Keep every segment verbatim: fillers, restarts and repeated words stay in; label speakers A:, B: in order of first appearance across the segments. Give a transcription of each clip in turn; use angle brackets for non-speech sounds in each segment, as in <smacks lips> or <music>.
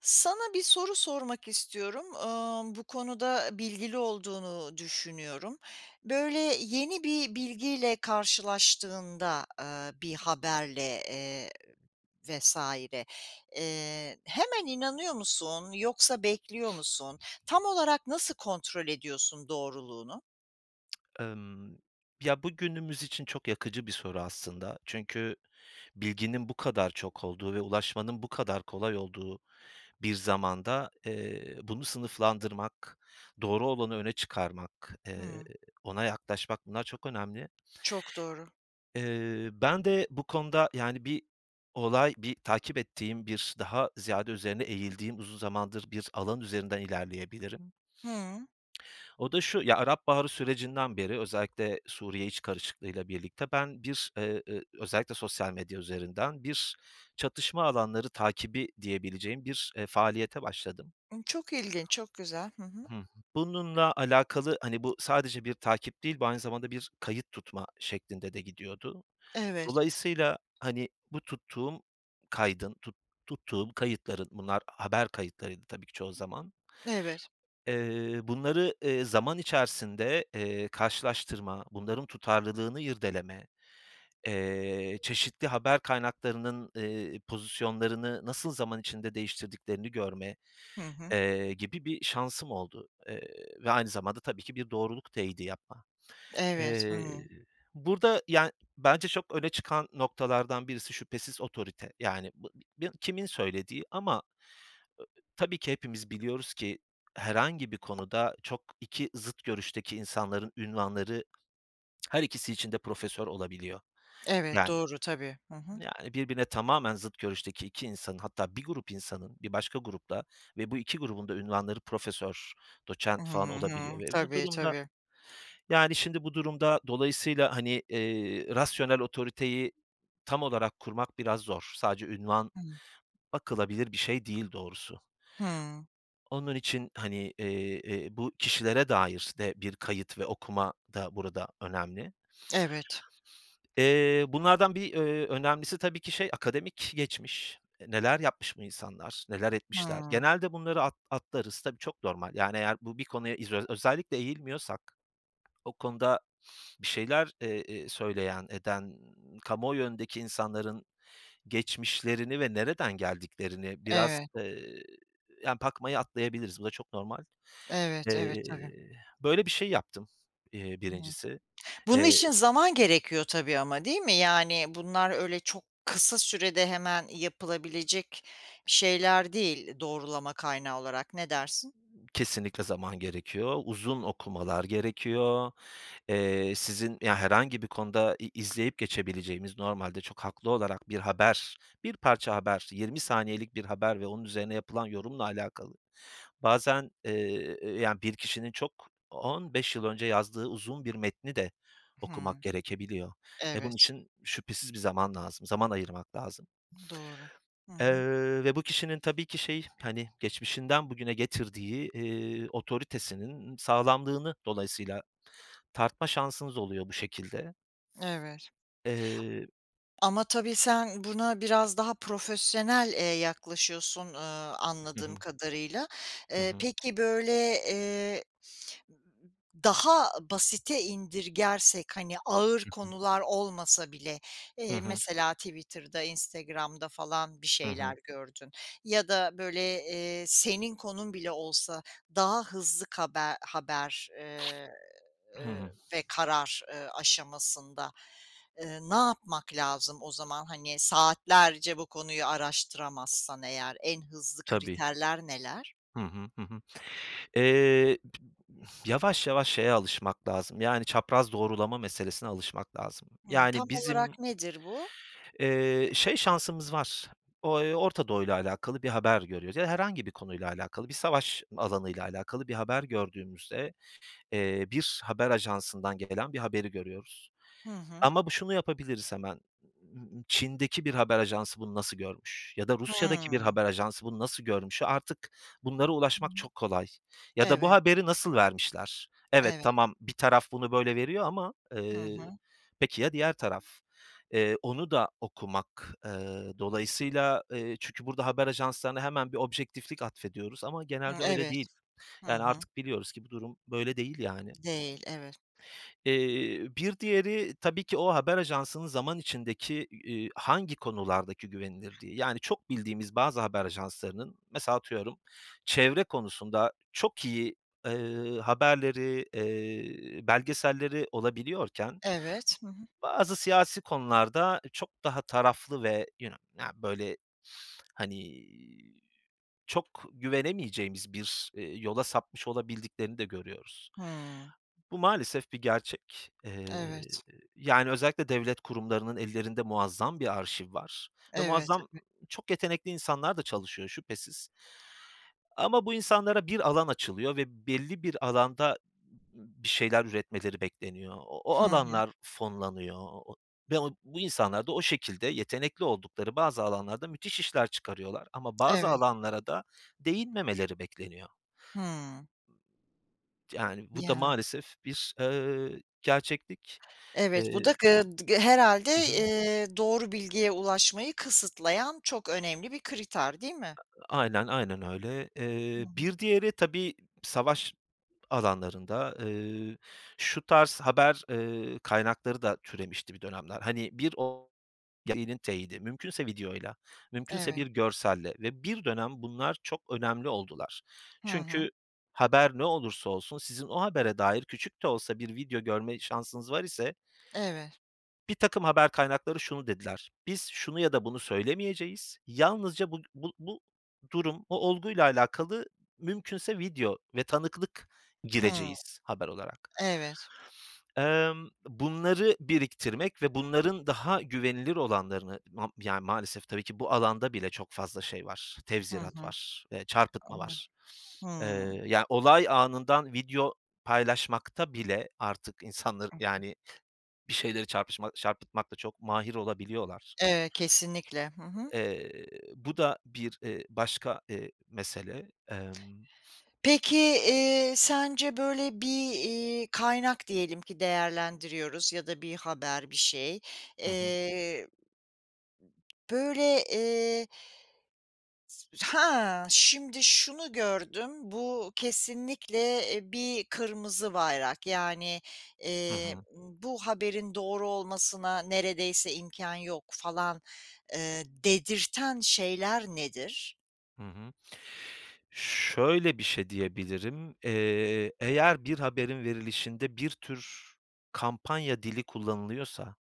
A: Sana bir soru sormak istiyorum. Amm, bu konuda bilgili olduğunu düşünüyorum. Böyle, yeni bir bilgiyle karşılaştığında, aaa, bir haberle, eee, vs. eee, hemen inanıyor musun, yoksa bekliyor musun? Tam olarak nasıl kontrol ediyorsun doğruluğunu?
B: <tsk> Emm, ya, bu günümüz için çok yakıcı bir soru aslında. Çünkü bilginin bu kadar çok olduğu ve ulaşmanın bu kadar kolay olduğu bir zamanda, eee, bunu sınıflandırmak, doğru olanı öne çıkarmak, eee,
A: Hımm.
B: ona yaklaşmak, bunlar çok önemli.
A: Çok doğru.
B: Eee, ben de bu konuda yani, bir olay, bir takip ettiğim, bir daha ziyade üzerine eğildiğim uzun zamandır bir alan üzerinden ilerleyebilirim.
A: Hıı.
B: O da şu, ya, Arap Baharı sürecinden beri özellikle Suriye iç karışıklığıyla birlikte ben bir eee, ııı, özellikle sosyal medya üzerinden, bir çatışma alanları takibi diyebileceğim bir, eee, faaliyete başladım.
A: Hımm, çok ilginç, çok güzel. Hı hı.
B: Bununla alakalı Hani, bu sadece bir takip değil, bu aynı zamanda bir kayıt tutma şeklinde de gidiyordu.
A: Evet.
B: Dolayısıyla, hani, bu tuttuğum kaydın, tut tuttuğum kayıtların, bunlar haber kayıtlarıydı tabii ki çoğu zaman.
A: Evet.
B: Eee, bunları, eee, zaman içerisinde, eee, karşılaştırma, bunların tutarlılığını irdeleme, eee, çeşitli haber kaynaklarının, eee, pozisyonlarını nasıl zaman içinde değiştirdiklerini görme,
A: Hı hı.
B: eee, gibi bir şansım oldu, eee, ve aynı zamanda tabii ki bir doğruluk teyidi yapma.
A: Evet.
B: Eee,
A: Hımm.
B: burada, yani, bence çok öne çıkan noktalardan birisi şüphesiz otorite. Yani, kimin söylediği ama tabii ki hepimiz biliyoruz ki herhangi bir konuda çok iki zıt görüşteki insanların ünvanları <smacks lips> her ikisi için de profesör olabiliyor.
A: Evet,
B: Yani
A: doğru, tabii. Hı hı.
B: yani, birbirine tamamen zıt görüşteki iki insanın hatta bir grup insanın bir başka grupla ve bu iki grubun da ünvanları profesör,
A: Hı
B: doçent falan olabiliyor
A: hı.
B: ve bu
A: Tabii,
B: durumda,
A: tabii.
B: yani, şimdi bu durumda dolayısıyla, hani, eee, rasyonel otoriteyi tam olarak kurmak biraz zor. Sadece ünvan
A: <unintelligible>
B: bakılabilir bir şey değil doğrusu.
A: Hımm.
B: Onun için, hani, eee, eee, bu kişilere dair de bir kayıt ve okuma da burada önemli.
A: Evet.
B: Eee, bunlardan bir, ööö, önemlisi tabii ki şey, akademik geçmiş. E, neler yapmış bu insanlar, neler etmişler?
A: Hımm.
B: Genelde bunları at atlarız. Tabii, çok normal, yani, eğer bu bir konuya izo özellikle eğilmiyorsak o konuda bir şeyler, eee, eee, söyleyen, eden, kamuoyu önündeki insanların geçmişlerini ve nereden geldiklerini biraz,
A: Evet.
B: eee, yani, pakmayı atlayabiliriz, bu da çok normal.
A: Evet, evet.
B: Eee,
A: Tabii.
B: böyle bir şey yaptım, eee,
A: <unintelligible>
B: birincisi.
A: Bunun
B: Eee
A: için zaman gerekiyor tabii ama, değil mi? Yani, bunlar öyle çok kısa sürede hemen yapılabilecek bir şeyler değil, doğrulama kaynağı olarak. Ne dersin?
B: Kesinlikle zaman gerekiyor, uzun okumalar gerekiyor. Eee, sizin, ya, herhangi bir konuda i izleyip geçebileceğimiz normalde çok haklı olarak bir haber, bir parça haber, yirmi saniyelik bir haber ve onun üzerine yapılan yorumla alakalı bazen, eee, yani, bir kişinin çok on beş yıl önce yazdığı uzun bir metni de okumak
A: Hımm.
B: gerekebiliyor. E, bunun
A: Evet.
B: için şüphesiz bir zaman lazım, zaman ayırmak lazım.
A: <unintelligible> Doğru. Hı hı.
B: Eee, ve bu kişinin tabii ki şey, hani, geçmişinden bugüne getirdiği, eee, otoritesinin sağlamlığını dolayısıyla tartma şansınız oluyor bu şekilde.
A: Evet.
B: Eee
A: Ama tabii sen buna biraz daha profesyonel, eee, yaklaşıyorsun, ııı,
B: Hı
A: anladığım
B: hı.
A: kadarıyla.
B: Hı
A: Eee,
B: hı.
A: peki, böyle, eee, daha basite indirgersek, hani, ağır
B: Hı hı.
A: konular olmasa bile,
B: Hı
A: eee,
B: hı.
A: mesela Twitter'da, Instagram'da falan bir
B: Hı hı.
A: şeyler gördün ya da, böyle, eee, senin konun bile olsa daha hızlı kabe haber, eee,
B: <sniffs> Hı
A: eee,
B: hı.
A: ve karar, eee, aşamasında, eee, ne yapmak lazım o zaman? Hani, saatlerce bu konuyu araştıramazsan eğer en hızlı
B: Tabii.
A: kriterler neler?
B: Hı hı, hı hı. Eee, yavaş yavaş şeye alışmak lazım, yani, çapraz doğrulama meselesine alışmak lazım.
A: Hımm. Tam
B: Yani, bizim
A: olarak nedir bu?
B: eee, şey, şansımız var o eee, Orta Doğu'yla alakalı bir haber görüyoruz, ya, herhangi bir konuyla alakalı, bir savaş alanıyla alakalı bir haber gördüğümüzde, eee, bir haber ajansından gelen bir haberi görüyoruz.
A: Hı hı.
B: Ama bu şunu yapabiliriz hemen, Çin'deki bir haber ajansı bunu nasıl görmüş ya da Rusya'daki bir
A: Hımm.
B: haber ajansı bunu nasıl görmüş? Artık bunlara
A: Hı hı.
B: ulaşmak çok kolay ya da bu
A: Evet.
B: haberi nasıl vermişler? Evet,
A: Evet.
B: tamam, bir taraf bunu böyle veriyor ama,
A: Hı
B: eee,
A: hı.
B: peki ya diğer taraf? Eee, onu da okumak, eee, dolayısıyla Eee, çünkü burada haber ajanslarına hemen bir objektiflik atfediyoruz ama
A: Hımm,
B: genelde öyle değil.
A: evet. Hı
B: Yani,
A: hı.
B: artık biliyoruz ki bu durum böyle değil, yani.
A: Değil, evet.
B: Eee, bir diğeri tabii ki o haber ajansının zaman içindeki, iii, hangi konulardaki güvenilirliği. Yani, çok bildiğimiz bazı haber ajanslarının mesela, atıyorum, çevre konusunda çok iyi, eee, haberleri, eee, belgeselleri olabiliyorken
A: Evet. Hı hı.
B: bazı siyasi konularda çok daha taraflı ve yuno na böyle, <sniffs> hani, çok güvenemeyeceğimiz bir, eee, yola sapmış olabildiklerini de görüyoruz.
A: Hımm.
B: Bu maalesef bir gerçek. Eee,
A: Evet.
B: yani, özellikle devlet kurumlarının ellerinde muazzam bir arşiv var ve
A: Evet,
B: muazzam
A: tabii.
B: çok yetenekli insanlar da çalışıyor, şüphesiz. Ama bu insanlara bir alan açılıyor ve belli bir alanda bir şeyler üretmeleri bekleniyor. O o
A: Hı hı.
B: alanlar fonlanıyor o o ve o bu insanlar da o şekilde yetenekli oldukları bazı alanlarda müthiş işler çıkarıyorlar ama bazı
A: Evet.
B: alanlara da değinmemeleri bekleniyor.
A: Hımm.
B: Yani, bu da
A: Ya.
B: maalesef bir, ııı, gerçeklik.
A: Evet. Bu da
B: Eee
A: gıd gı herhâlde,
B: Hı hı.
A: eee, doğru bilgiye ulaşmayı kısıtlayan çok önemli bir kriter, değil mi?
B: Aynen, aynen öyle.
A: Hı
B: Eee,
A: hı.
B: bir diğeri tabii savaş alanlarında, eee, şu tarz haber, eee, kaynakları da türemişti bir dönemler. Hani, bir o yayının teyidi mümkünse videoyla, mümkünse
A: Evet.
B: bir görselle ve bir dönem bunlar çok önemli oldular.
A: Hı hı.
B: Çünkü haber ne olursa olsun, sizin o habere dair küçük de olsa bir video görme şansınız var ise
A: Evet.
B: birtakım haber kaynakları şunu dediler, "Biz şunu ya da bunu söylemeyeceğiz, yalnızca bu bu bu durum, o olguyla alakalı mümkünse video ve tanıklık
A: Hımm.
B: gireceğiz haber olarak.
A: Evet.
B: Emm, bunları biriktirmek ve bunların daha güvenilir olanlarını mam yani, maalesef tabii ki bu alanda bile çok fazla şey var,
A: Hı
B: tevzirat
A: hı.
B: var, eee, çarpıtma
A: Ama
B: var. Eee,
A: Hımm.
B: ya, olay anından video paylaşmakta bile artık insanları
A: <unintelligible>
B: Yani, bir şeyleri çarpışma çarpıtmakta çok mahir olabiliyorlar.
A: Evet, kesinlikle. Hı hı.
B: Eee, bu da bir, eee, başka, eee, mesele. Emm.
A: Peki, eee, sence, böyle, bir, iii, kaynak diyelim ki değerlendiriyoruz ya da bir haber, bir şey,
B: Hı hı.
A: eee, böyle, eee "Ha, şimdi şunu gördüm. Bu kesinlikle, eee, bir kırmızı bayrak. Yani,
B: Hı
A: eee,
B: hı.
A: bu haberin doğru olmasına neredeyse imkân yok." falan, eee, dedirten şeyler nedir?
B: Hı hı. Şöyle bir şey diyebilirim, eee, eğer bir haberin verilişinde bir tür kampanya dili kullanılıyorsa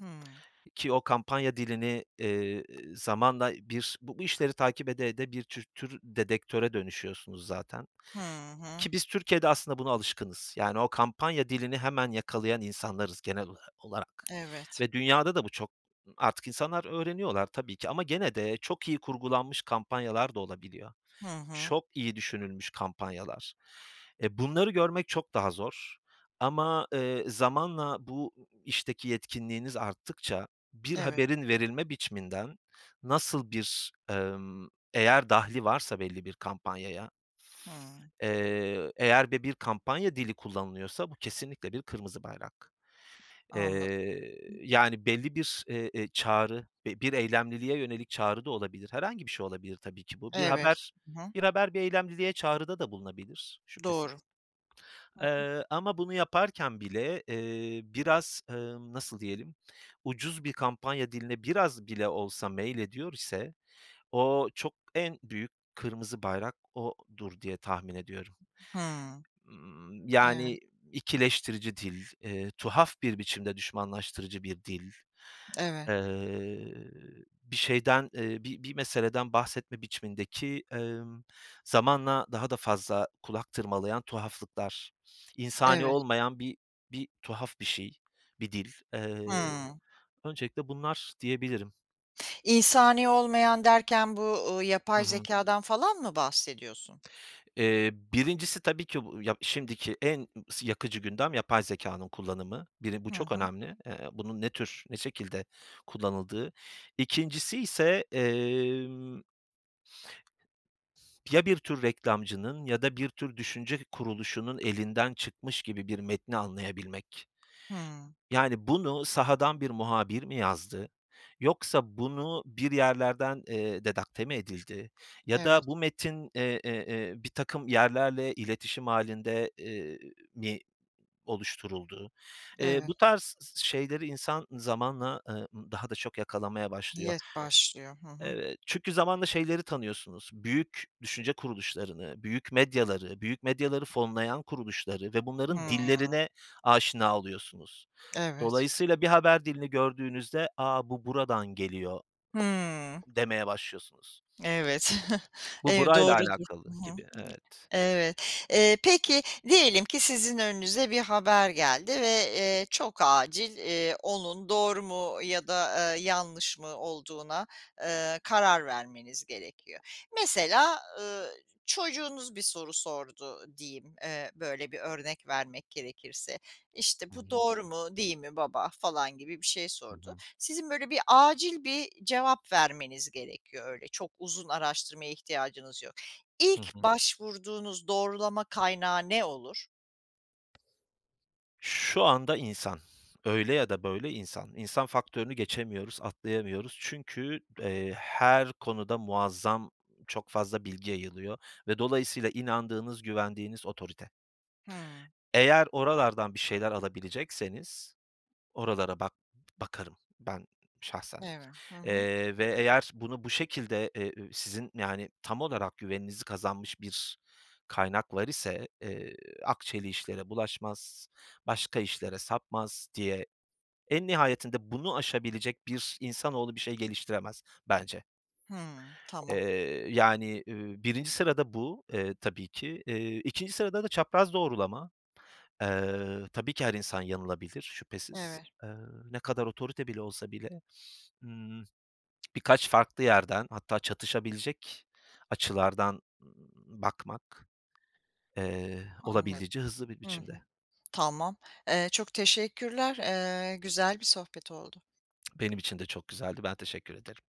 A: Hımm.
B: ki o kampanya dilini, eee, zamanla bir bu bu işleri takip ede ede bir tür tür dedektöre dönüşüyorsunuz zaten
A: Hı hı.
B: ki biz Türkiye'de aslında buna alışkınız. Yani, o kampanya dilini hemen yakalayan insanlarız genel ola olarak
A: Evet.
B: ve dünyada da bu çok. Artık insanlar öğreniyorlar tabii ki ama gene de çok iyi kurgulanmış kampanyalar da olabiliyor.
A: Hı hı.
B: Çok iyi düşünülmüş kampanyalar. E, bunları görmek çok daha zor ama, eee, zamanla bu işteki yetkinliğiniz arttıkça, bir
A: Evet.
B: haberin verilme biçiminden nasıl bir, emm Eğer dahli varsa belli bir kampanyaya
A: Hımm.
B: eee, eğer de bir kampanya dili kullanılıyorsa, bu kesinlikle bir kırmızı bayrak.
A: Anladım.
B: Eee, yani, belli bir, e eee, çağrı ve bir eylemliliğe yönelik çağrı da olabilir. Herhangi bir şey olabilir tabii ki bu. Bir
A: Evet.
B: haber
A: Hı hı.
B: bir haber, bir eylemliliğe çağrıda da bulunabilir, şüphesiz.
A: Doğru. Hı hı.
B: Eee, ama bunu yaparken bile, eee, biraz, ımm, nasıl diyelim, ucuz bir kampanya diline biraz bile olsa meylediyor ise o çok en büyük kırmızı bayrak odur diye tahmin ediyorum.
A: Hımm.
B: Imm,
A: Evet.
B: yani, ikileştirici dil, eee, tuhaf bir biçimde düşmanlaştırıcı bir dil,
A: Evet.
B: eee, bir şeyden, eee, bi bir meseleden bahsetme biçimindeki, emm, zamanla daha da fazla kulak tırmalayan tuhaflıklar, insani
A: Evet.
B: olmayan bir bir tuhaf bir şey, bir dil. Eee,
A: Hımm.
B: öncelikle bunlar diyebilirim.
A: İnsani olmayan derken bu, uuu,
B: Hı
A: yapay
B: hı.
A: zekâdan falan mı bahsediyorsun?
B: Eee, birincisi tabii ki bu, ya, şimdiki en sı yakıcı gündem, yapay zekânın kullanımı. Biri bu
A: Hı
B: çok
A: hı.
B: önemli. Eee, bunun ne tür, ne şekilde kullanıldığı. İkincisiyse, emm. <sniffs> Ya, bir tür reklamcının ya da bir tür düşünce kuruluşunun elinden çıkmış gibi bir metni anlayabilmek.
A: Hıı.
B: Yani, bunu sahadan bir muhabir mi yazdı? Yoksa bunu bir yerlerden, eee, dedakte mi edildi? Ya da
A: Evet.
B: bu metin, e e eee, birtakım yerlerle iletişim hâlinde, eee, mi oluşturuldu? Eee,
A: Evet.
B: bu tarz s şeyleri insan zamanla, eee, daha da çok yakalamaya başlıyor.
A: Diye başlıyor. Hı hı.
B: Evet, çünkü zamanla şeyleri tanıyorsunuz, büyük düşünce kuruluşlarını, büyük medyaları, büyük medyaları fonlayan kuruluşları ve bunların
A: Hımm.
B: dillerine aşina oluyorsunuz.
A: Evet.
B: Dolayısıyla bir haber dilini gördüğünüzde “A, bu buradan geliyor!”
A: Hıı.
B: demeye başlıyorsunuz.
A: Evet. <chuckles>
B: <smacks lips> Bu,
A: Ev
B: burayla
A: doğrudur. Hı
B: alakalı
A: hı.
B: gibi, evet.
A: Evet. Eee, peki, diyelim ki sizin önünüze bir haber geldi ve, eee, çok acil, eee, onun doğru mu ya da, aaa, yanlış mı olduğuna, eee, karar vermeniz gerekiyor. Mesela, ııı, çocuğunuz bir soru sordu diyeyim, eee, böyle bir örnek vermek gerekirse, işte,
B: Hı
A: “Bu
B: hı.
A: doğru mu, değil mi baba?“ falan gibi bir şey
B: Hı
A: sordu.
B: hı.
A: Sizin böyle bir acil bir cevap vermeniz gerekiyor. Öyle çok uzun araştırmaya ihtiyacınız yok.
B: Hı
A: İlk
B: hı.
A: başvurduğunuz doğrulama kaynağı ne olur?
B: Şu anda, insan öyle ya da böyle insan. İnsan faktörünü geçemiyoruz, atlayamıyoruz. Çünkü, eee, her konuda muazzam çok fazla bilgi yayılıyor ve dolayısıyla inandığınız, güvendiğiniz otorite.
A: Hımm.
B: Eğer oralardan bir şeyler alabilecekseniz oralara bak bakarım ben şahsen,
A: Eve Hı hı.
B: eee, ve eğer bunu bu şekilde e ü sizin, yani, tam olarak güveninizi kazanmış bir kaynaklar ise, eee, akçeli işlere bulaşmaz, başka işlere sapmaz diye en nihayetinde bunu aşabilecek bir insanoğlu bir şey geliştiremez, bence.
A: Hıı. Tamam.
B: Eee, yani, iii, birinci sırada bu, eee, tabii ki. Eee, ikinci sırada da çapraz doğrulama. Eee, tabii ki her insan yanılabilir, şüphesiz.
A: Eve
B: Eee, ne kadar otorite bile olsa bile, ımm, <smacks lips> birkaç farklı yerden hatta çatışabilecek açılardan, ımm, bakmak, eee,
A: Anladım.
B: olabildiğince hızlı bir
A: Hı
B: biçimde.
A: hı. Tamam. Eee, çok teşekkürler. Eee, güzel bir sohbet oldu.
B: <smacks lips> Benim için de çok güzeldi, ben teşekkür ederim.